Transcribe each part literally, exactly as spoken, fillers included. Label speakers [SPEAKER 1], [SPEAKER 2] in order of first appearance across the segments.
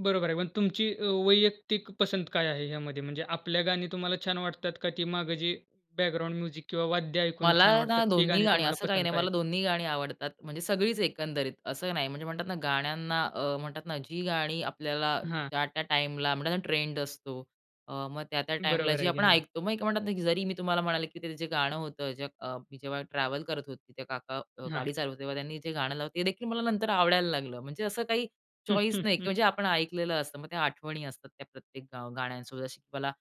[SPEAKER 1] बरोबर आहे. पण तुमची अ, वैयक्तिक पसंत काय आहे ह्यामध्ये? म्हणजे आपल्या गाणी तुम्हाला छान वाटतात का ती मागे जी बॅकग्राउंड म्युझिक किंवा वाद्य ऐकून
[SPEAKER 2] मला
[SPEAKER 1] छान वाटतात,
[SPEAKER 2] ना
[SPEAKER 1] ती
[SPEAKER 2] दोन्ही
[SPEAKER 1] गाणी
[SPEAKER 2] गाणी,
[SPEAKER 1] तुम्हाला
[SPEAKER 2] असं काही नाही,
[SPEAKER 1] पसंत आहेत?
[SPEAKER 2] मला दोन्ही गाणी आवडतात, म्हणजे सगळीच एकंदरीत. असं नाही. म्हणजे म्हणतात ना, गाण्यांना अ, म्हणतात ना, जी गाणी आपल्याला
[SPEAKER 1] हां.
[SPEAKER 2] त्या-त्या टाईमला, म्हणतात ना ट्रेंड असतो. अ, मग त्या-त्या टाईमला
[SPEAKER 1] बरोबर
[SPEAKER 2] जी
[SPEAKER 1] आहे की.
[SPEAKER 2] आपण
[SPEAKER 1] हां.
[SPEAKER 2] ऐकतो. मग म्हणतात ना, की जरी मी तुम्हाला म्हणाले की ते जे गाणं होतं ज अ, जेव्हा ट्रॅव्हल करत होते, ते काका
[SPEAKER 1] हां.
[SPEAKER 2] गाडी चालवत होते, तेव्हा त्यांनी जे गाणं लाव ते देखील मला नंतर आवडायला लागलं. म्हणजे असं काही चॉईस नाही किंवा आपण ऐकलेलं असतं, मग त्या आठवणी असतात त्या प्रत्येक अ, गाण्यांसोबत अशी मला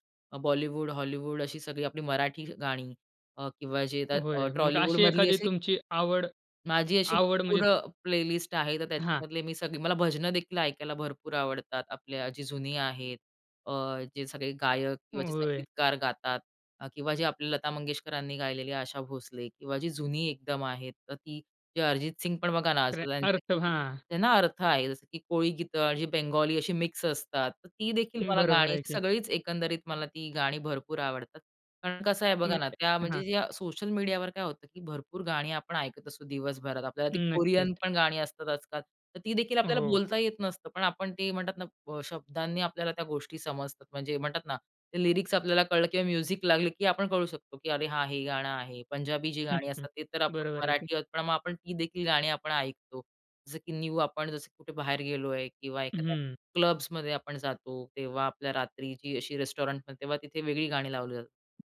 [SPEAKER 2] बॉलिवूड, हॉलिवूड अशी सगळी, आपली मराठी गाणी अ, किंवा जे
[SPEAKER 1] होय. मग
[SPEAKER 2] ट्रॉलीवूड
[SPEAKER 1] अशी
[SPEAKER 2] मधली
[SPEAKER 1] एखादी
[SPEAKER 2] अशी
[SPEAKER 1] तुमची आवड,
[SPEAKER 2] माझी अशी
[SPEAKER 1] आवड म्हणजे
[SPEAKER 2] पूरं प्ले लिस्ट आहे. तर
[SPEAKER 1] हां.
[SPEAKER 2] त्याच्यामधले मी सगळे मला भजनं देखील ऐकायला भरपूर आवडतात. आपल्या जी जुनी आहेत. अ, जे सगळे गायक किंवा
[SPEAKER 1] होय.
[SPEAKER 2] संगीतकार गातात अ, किंवा जी आपली लता मंगेशकरांनी गायलेली, आशा भोसले किंवा जी जुनी एकदम आहेत. तर ती जे अरिजित सिंग पण बघा ना,
[SPEAKER 1] र
[SPEAKER 2] असं त्यांच
[SPEAKER 1] अर्थ,
[SPEAKER 2] की
[SPEAKER 1] हां.
[SPEAKER 2] त्यांना अर्थ आहे. जसं की कोळी गीत आणि बंगाली अशी मिक्स असतात. तर ती देखील मला
[SPEAKER 1] बरोबर
[SPEAKER 2] गाणी
[SPEAKER 1] आहे की.
[SPEAKER 2] सगळीच एकंदरीत मला ती गाणी भरपूर आवडतात. कारण कसं आहे बघा
[SPEAKER 1] मग
[SPEAKER 2] ना, त्या
[SPEAKER 1] हां.
[SPEAKER 2] म्हणजे सोशल मीडियावर काय होतं की भरपूर गाणी आपण ऐकत असतो दिवसभरात. आपल्याला ती कोरियन
[SPEAKER 1] नक्कीच.
[SPEAKER 2] पण गाणी असतात आज-काल. तर ती देखील आपल्याला
[SPEAKER 1] हो.
[SPEAKER 2] बोलता येत नसतं. पण आपण ते म्हणतात ना, शब्दांनी आपल्याला त्या गोष्टी समजतात. म्हणजे म्हणतात ना, ते लिरिक्स आपल्याला कळलं किंवा म्युझिक लागली की, आपण कळू शकतो की अरे हां, हे गाणं आहे. पंजाबी जी गाणी असतात ते तर आपण
[SPEAKER 1] बरोबर आहे की.
[SPEAKER 2] मराठी आहोत, पण मग आपण ती देखील गाणी आपण ऐकतो. जसं की न्यू आपण, जसं कुठे बाहेर गेलोय किंवा एखाद्या
[SPEAKER 1] हम्म.
[SPEAKER 2] क्लब्समध्ये आपण जातो, तेव्हा आपल्या रात्रीची अशी रेस्टॉरंटमध्ये, तेव्हा तिथे वेगळी गाणी लावली जातात.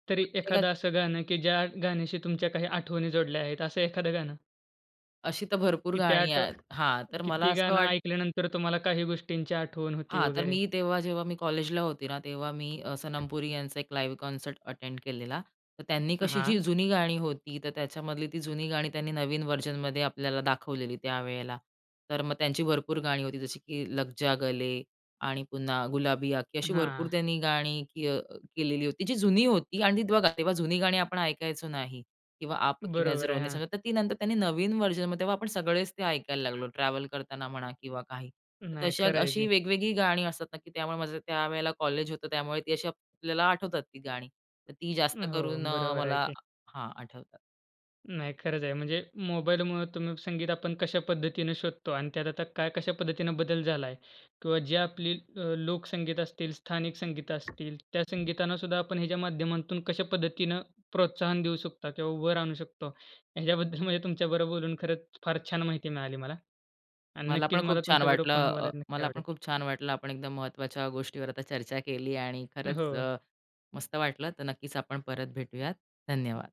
[SPEAKER 2] मग
[SPEAKER 1] तरी
[SPEAKER 2] प्रत्येकात
[SPEAKER 1] एखादं असं गाणं की ज्या गाण्याशी तुमच्या काही आठवणी जोडल्या आहेत, असं एखादं गाणं.
[SPEAKER 2] अशी तर भरपूर
[SPEAKER 1] की त्या
[SPEAKER 2] गाणी
[SPEAKER 1] आठ
[SPEAKER 2] आ हां तर
[SPEAKER 1] की
[SPEAKER 2] मला
[SPEAKER 1] ती
[SPEAKER 2] असं
[SPEAKER 1] गाणं
[SPEAKER 2] वाट
[SPEAKER 1] ऐकल्यानंतर तुम्हाला काही गोष्टींची आठवण होती
[SPEAKER 2] हां. तर
[SPEAKER 1] वगैरे?
[SPEAKER 2] मी तेव्हा, जेव्हा मी कॉलेजला होती ना, तेव्हा मी सनम पुरी यांचा एक लाईव्ह कॉन्सर्ट अटेंड केलेला. तर त्यांनी कशी
[SPEAKER 1] हां.
[SPEAKER 2] जी जुनी गाणी होती, तर त्याच्यामधली ती जुनी गाणी त्यांनी नवीन व्हर्जनमध्ये आपल्याला दाखवलेली त्यावेळेला. तर मग त्यांची भरपूर गाणी होती, जशी की लगजा गले, आणि पुन्हा गुलाबी आखें अशी भरपूर
[SPEAKER 1] हां.
[SPEAKER 2] त्यांनी गाणी की अ, केलेली होती जी जुनी होती, आणि ती बघा तेव्हा जुनी गाणी आपण ऐकायचो नाही किंवा आप की
[SPEAKER 1] बरोबर
[SPEAKER 2] नजरो
[SPEAKER 1] आहे.
[SPEAKER 2] ने
[SPEAKER 1] हां.
[SPEAKER 2] समझा, तर ती नंतर त्यांनी नवीन व्हर्जनमध्ये, तेव्हा आपण सगळेच ते ऐकायला लागलो. ट्रॅव्हल करताना म्हणा किंवा काही.
[SPEAKER 1] नाही,
[SPEAKER 2] तशा,
[SPEAKER 1] खरं आहे
[SPEAKER 2] अशी
[SPEAKER 1] की.
[SPEAKER 2] वेगवेगळी गाणी असतात ना की त्यामुळे माझं त्यावेळेला कॉलेज होतं, त्यामुळे ती अशी आपल्याला आठवतात ती गाणी. तर ती जास्त
[SPEAKER 1] हो.
[SPEAKER 2] करून अ,
[SPEAKER 1] बरोबर आहे
[SPEAKER 2] मला
[SPEAKER 1] की.
[SPEAKER 2] हां, आठवतात.
[SPEAKER 1] नाही, खरंच आहे. म्हणजे मोबाईलमुळे तुम्ही संगीत आपण कशा पद्धतीनं शोधतो आणि त्यात आता काय कशा पद्धतीने बदल झालाय किंवा जे आपली अ, लोकसंगीत असतील, स्थानिक संगीत असतील, त्या संगीतांना सुद्धा आपण ह्याच्या माध्यमातून कशा पद्धतीनं प्रोत्साहन देऊ शकता किंवा उभं राहू शकतो ह्याच्याबद्दल म्हणजे तुमच्याबरोबर बोलून खरंच फार छान माहिती मिळाली मला. आणि
[SPEAKER 2] मला
[SPEAKER 1] नक्कीच
[SPEAKER 2] पण
[SPEAKER 1] मला
[SPEAKER 2] खूप छान
[SPEAKER 1] तुमच्याबरोबर
[SPEAKER 2] वाटलं.
[SPEAKER 1] पुन्हा
[SPEAKER 2] अ,
[SPEAKER 1] बोलायला नक्की
[SPEAKER 2] मला पण
[SPEAKER 1] आवडेल.
[SPEAKER 2] खूप छान वाटलं, आपण एकदम महत्त्वाच्या गोष्टीवर चर्चा केली आणि खरंच
[SPEAKER 1] हो.
[SPEAKER 2] मस्त वाटलं. तर नक्कीच आपण परत भेटूयात. धन्यवाद.